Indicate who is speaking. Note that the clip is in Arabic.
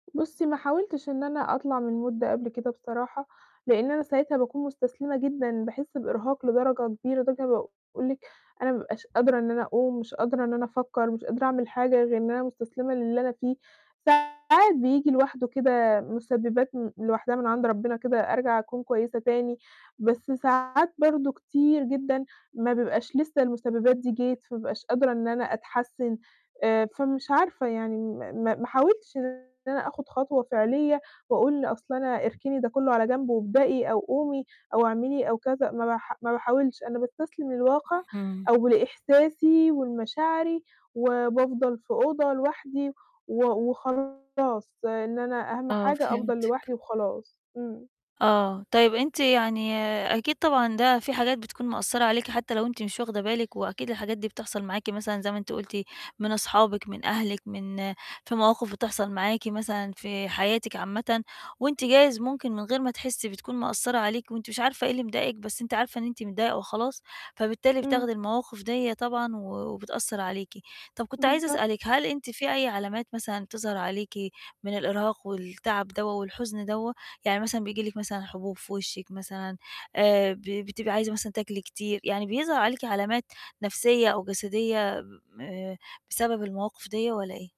Speaker 1: بُصّي، ما حاولتش إن أنا أطلع من الmood ده قبل كده بصراحة، لإن أنا ساعتها باكون مستسلمة جدًا، باحس بإرهاق لدرجة كبيرة، لدرجة إن أنا باقول لكِ أنا ما بابقاش قادرة إن أنا أقوم، مش قادرة إن أنا أفكر، مش قادرة أعمل حاجة، غير إن أنا مستسلمة للي أنا فيه. ساعات بييجي لوحده كده مسببات م لوحدها من عند ربنا كده، أرجع أكون كويسة تاني، بس ساعات برضه كتير جدًا ما بيبقاش لسّه المسببات دي جت، فما بابقاش قادرة إن أنا أتحسن، آآ فمش عارفة يعني م-م ما حاولتش إن أنا آخد خطوة فعليّة، وأقول أصل أنا اركني ده كله على جنب وابدئي أو قومي أو اعملي أو كذا، ما بح ما باحاولش، أنا باستسلم للواقع
Speaker 2: امم.
Speaker 1: أو لإحساسي ولمشاعري، وبافضل في أوضة لوحدي، و وخلاص إن أنا أهم
Speaker 2: آه،
Speaker 1: حاجة أفضل
Speaker 2: فهمتِك.
Speaker 1: لوحدي وخلاص. امم.
Speaker 2: آه، طيب أنتِ يعني أكيد، طبعًا ده في حاجات بتكون مأثرة عليكِ، حتى لو أنتِ مش واخدة بالِك، وأكيد الحاجات دي بتحصل معاكِ مثلًا، زي ما أنتِ قُلتِ من أصحابِك، من أهلِك، من في مواقف بتحصل معاكِ مثلًا في حياتِك عامةً، وأنتِ جايز ممكن من غير ما تحسي بتكون مأثرة عليكِ، وأنتِ مش عارفة إيه اللي مضايقِك، بس أنتِ عارفة إن أنتِ متضايقة وخلاص، فبالتالي
Speaker 1: امم.
Speaker 2: بتاخدي المواقف ديّة طبعًا، و وبتأثر عليكِ. طب كنت عايزة أسألِك،
Speaker 1: بالضبط.
Speaker 2: هل أنتِ في أي علامات مثلًا تظهر عليكِ من الإرهاق، والتعب دوّة والحزن دوّة؟ يعني مثلًا بييجي لكِ مثلًا حبوب في وشِك مثلًا، آآ ب بتبقي عايزة مثلًا تاكلي كتير، يعني بيظهر عليكِ علامات نفسية، أو جسدية آآ بسبب المواقف ديّة والّا إيه؟